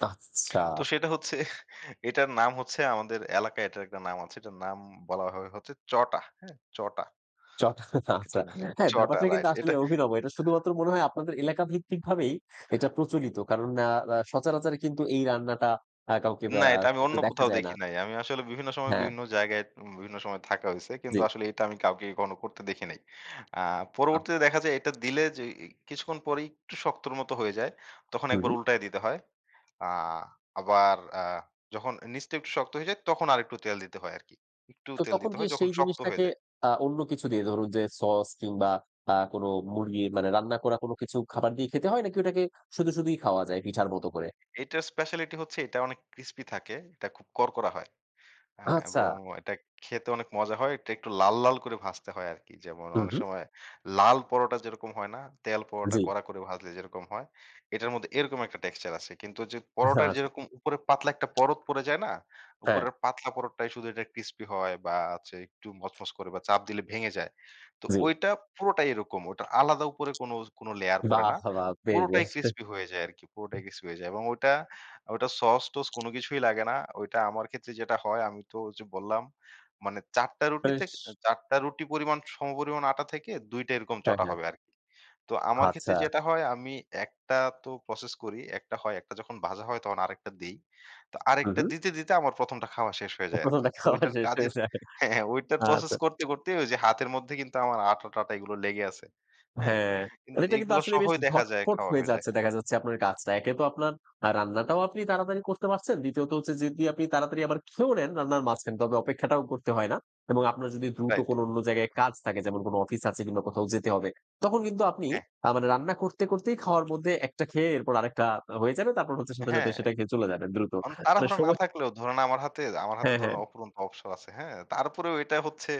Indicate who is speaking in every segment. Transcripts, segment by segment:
Speaker 1: আচ্ছা।
Speaker 2: তো সেটা হচ্ছে এটার নাম হচ্ছে আমাদের এলাকায় এটার একটা নাম আছে। এটার নাম বলাভাবে হচ্ছে চটা হ্যাঁ? চটা।
Speaker 1: চটা আচ্ছা।
Speaker 2: এটা নি
Speaker 1: হ্যাঁ,
Speaker 2: চটা
Speaker 1: ব্যাপারটা কিন্তু
Speaker 2: রাইট।
Speaker 1: আসলে
Speaker 2: এটা
Speaker 1: অভিনব। এটা শুধুমাত্র মনে হয় আপনাদের এলাকাভিত্তিক ভাবেই এটা প্রচলিত। কারণ আ আ সচারাচার কিন্তু এই রান্নাটা আ কাউকে
Speaker 2: না
Speaker 1: আ
Speaker 2: এটা আমি
Speaker 1: করতে
Speaker 2: অন্য
Speaker 1: দেখা
Speaker 2: কোথাও
Speaker 1: যায় না।
Speaker 2: দেখি নাই। আমি আসলে বিভিন্ন সময়
Speaker 1: হ্যাঁ।
Speaker 2: বিভিন্ন জায়গায় বিভিন্ন সময় থাকা হইছে। কিন্তু
Speaker 1: জ্বী।
Speaker 2: আসলে এটা আমি কাউকে করতে দেখি নাই। আ পরবর্তীতে
Speaker 1: আচ্ছা।
Speaker 2: দেখা যায় এটা দিলে যে, কিছুক্ষণ পর একটু শক্তর মত হয়ে যায়। তখন ১
Speaker 1: হুম।
Speaker 2: বার উল্টায় দিতে হয়। আ আবার আ যখন নিচটা একটু শক্ত হয়ে যায় তখন আরেকটু তেল দিতে হয় আরকি। একটু
Speaker 1: তো
Speaker 2: তেল
Speaker 1: তখন
Speaker 2: দিতে
Speaker 1: কি
Speaker 2: হয় যখন
Speaker 1: সেই
Speaker 2: শক্ত হয়ে
Speaker 1: জিনিসটাকে
Speaker 2: যায়।
Speaker 1: আ অন্য কিছু দিয়ে ধরুন যে, সস কিংবা আ কোনো মুরগি মানে রান্না করা কোনো কিছু খাবার দিয়ে খেতে হয় নাকি ওটাকে শুধু, শুধুই খাওয়া যায় পিঠার মত করে?
Speaker 2: এটার স্পেশালিটি হচ্ছে এটা অনেক ক্রিসপি থাকে। এটা খুব কড়কড়া হয়। আ
Speaker 1: আচ্ছা।
Speaker 2: এবং এটা খেতে অনেক মজা হয়। এটা একটু লাল, লাল করে ভাজতে হয় আরকি। যেমন
Speaker 1: হুম,
Speaker 2: অনেক
Speaker 1: হুম।
Speaker 2: সময় লাল পরোটা যেরকম হয় না? তেল পরোটা
Speaker 1: জ্বী।
Speaker 2: কড়া করে ভাজলে যেরকম হয়? এটার মধ্যে এরকম একটা টেক্সচার আছে। কিন্তু যে, পরোটার
Speaker 1: আচ্ছা।
Speaker 2: যেরকম উপরে পাতলা একটা পরত পড়ে যায় না?
Speaker 1: হ্যাঁ।
Speaker 2: উপরের পাতলা পরতটাই শুধু এটা ক্রিসপি হয় বা হচ্ছে একটু মচমচ করে বা চাপ দিলে ভেঙে যায়। তো
Speaker 1: জ্বি।
Speaker 2: ঐটা পুরোটাই এরকম। ওইটা আলাদা উপরে কোনো, কোনো লেয়ার পড়ে
Speaker 1: বাহ!
Speaker 2: না।
Speaker 1: বাহ! বেশ,
Speaker 2: পুরোটাই
Speaker 1: বেশ!
Speaker 2: ক্রিসপি হয়ে যায় আরকি। পুরোটাই ক্রিসপি হয়ে যায়। এবং ওটা, ওটা সস-টস কোনো কিছুই লাগে না। ওইটা আমার ক্ষেত্রে যেটা হয় আমি তো ওইযে বললাম মানে ৪ টা
Speaker 1: আ
Speaker 2: রুটিতে
Speaker 1: বেশ!
Speaker 2: ৪ টা রুটি পরিমাণ সমপরিমাণ আটা থেকে ২ টা এরকম
Speaker 1: হ্যাঁ,
Speaker 2: চটা
Speaker 1: হ্যাঁ।
Speaker 2: হবে আরকি। তো আমার ক্ষেত্রে
Speaker 1: আচ্ছা।
Speaker 2: যেটা হয় আমি একটা তো প্রসেস করি। একটা হয় একটা যখন ভাজা হয় তখন আরেকটা দেই। তো
Speaker 1: হুম,
Speaker 2: আরেকটা
Speaker 1: হুম।
Speaker 2: দিতে, দিতে আমার ১ম টা খাওয়া শেষ হয়ে যায়
Speaker 1: ১ম
Speaker 2: আরকি। তো
Speaker 1: দেখাওয়া
Speaker 2: ঐটার
Speaker 1: শেষ হয়ে
Speaker 2: কাজের
Speaker 1: যায়।
Speaker 2: হ্যাঁ, ঐটার প্রসেস
Speaker 1: আচ্ছা।
Speaker 2: করতে, করতে ওইযে হাতের মধ্যে কিন্তু আমার আটা-টাটা এগুলো লেগে আছে। হ্যাঁ?
Speaker 1: হ্যাঁ,
Speaker 2: কিন্তু
Speaker 1: এটা কিন্তু
Speaker 2: এগুলা
Speaker 1: আসলে বেশ
Speaker 2: সহই দেখা যায়
Speaker 1: ঝটপট
Speaker 2: খাওয়া
Speaker 1: হয়ে
Speaker 2: হয়ে যায়।
Speaker 1: যাচ্ছে দেখা যাচ্ছে আপনার কাজটা। একে তো আপনার আ রান্নাটাও আপনি তাড়াতাড়ি করতে পারছেন। দ্বিতীয়ত হচ্ছে যদি আপনি তাড়াতাড়ি আবার খেয়েও নেন রান্নার মাঝ খান। তবে অপেক্ষাটাও করতে হয় না। এবং আপনার যদি দ্রুত
Speaker 2: রাইট।
Speaker 1: কোনো অন্য জায়গায় কাজ থাকে যেমন কোনো অফিস আছে কিংবা কোথাও যেতে হবে। তখন কিন্তু আপনি
Speaker 2: হ্যাঁ।
Speaker 1: আ মানে রান্না করতে, করতেই খাওয়ার মধ্যে একটা খেয়ে এরপর আরেকটা হয়ে যাবে। তারপর হচ্ছে সাথে, সাথে
Speaker 2: হ্যাঁ।
Speaker 1: সেটা খেয়ে চলে যাবেন দ্রুত।
Speaker 2: অন
Speaker 1: মানে
Speaker 2: তাড়াহুড়া না
Speaker 1: সময়
Speaker 2: থাকলেও ধরেন আমার হাতে আমার হাতে
Speaker 1: হ্যাঁ,
Speaker 2: ধরেন
Speaker 1: হ্যাঁ।
Speaker 2: অফুরন্ত অবসর আছে। হ্যাঁ? তারপরেও এটা হচ্ছে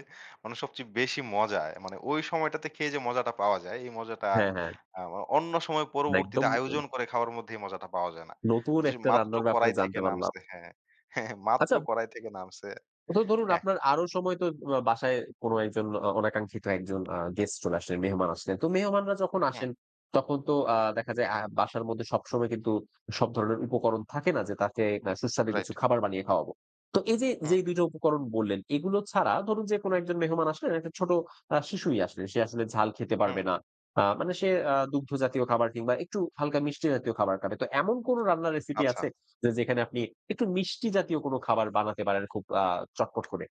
Speaker 2: মানে সবচেয়ে বেশি মজা। মানে ওই সময়টাতে খেয়ে যে, মজাটা পাওয়া যায় এই মজাটা
Speaker 1: হ্যাঁ, হ্যাঁ।
Speaker 2: আ অন্য সময়
Speaker 1: না
Speaker 2: পরবর্তীতে
Speaker 1: একদম। আ
Speaker 2: আয়োজন করে খাওয়ার মধ্যে এই মজাটা পাওয়া যায় না।
Speaker 1: নতুন
Speaker 2: যে,
Speaker 1: একটা
Speaker 2: মাত্র
Speaker 1: রান্নার ব্যাপারে
Speaker 2: কড়াই থেকে
Speaker 1: জানতে পারলাম।
Speaker 2: নামছে হ্যাঁ। মাত্র
Speaker 1: আচ্ছা
Speaker 2: কড়াই থেকে নামছে।
Speaker 1: তো ধরুন
Speaker 2: হ্যাঁ।
Speaker 1: আপনার আরও সময় তো বাসায় কোনো একজন অনাঙ্ক্ষিত একজন আ গেস্ট চলে আসলেন মেহমান আসলেন। তো মেহমানরা যখন
Speaker 2: হুম।
Speaker 1: আসেন তখন তো আ দেখা যায় আ বাসার মধ্যে সবসময় কিন্তু সব ধরনের উপকরণ থাকে না যে, তাকে সুস্বাদু
Speaker 2: রাইট।
Speaker 1: কিছু খাবার বানিয়ে খাওয়াবো। তো এইযে
Speaker 2: হুম।
Speaker 1: যেই ২ টো উপকরণ বললেন এগুলো ছাড়া ধরুন যে, কোনো একজন মেহমান আসলেন একটা ছোট আ শিশুই আসলে। সে আসলে ঝাল খেতে
Speaker 2: হুম।
Speaker 1: পারবে না। আ মানে সে আ দুগ্ধ জাতীয় খাবার কিংবা একটু হালকা মিষ্টি জাতীয় খাবার খাবে। তো এমন কোনো রান্নার রেসিপি
Speaker 2: আচ্ছা।
Speaker 1: আছে যে, যেখানে আপনি একটু মিষ্টি জাতীয় কোনো খাবার বানাতে পারেন খুব আ চটপট করে?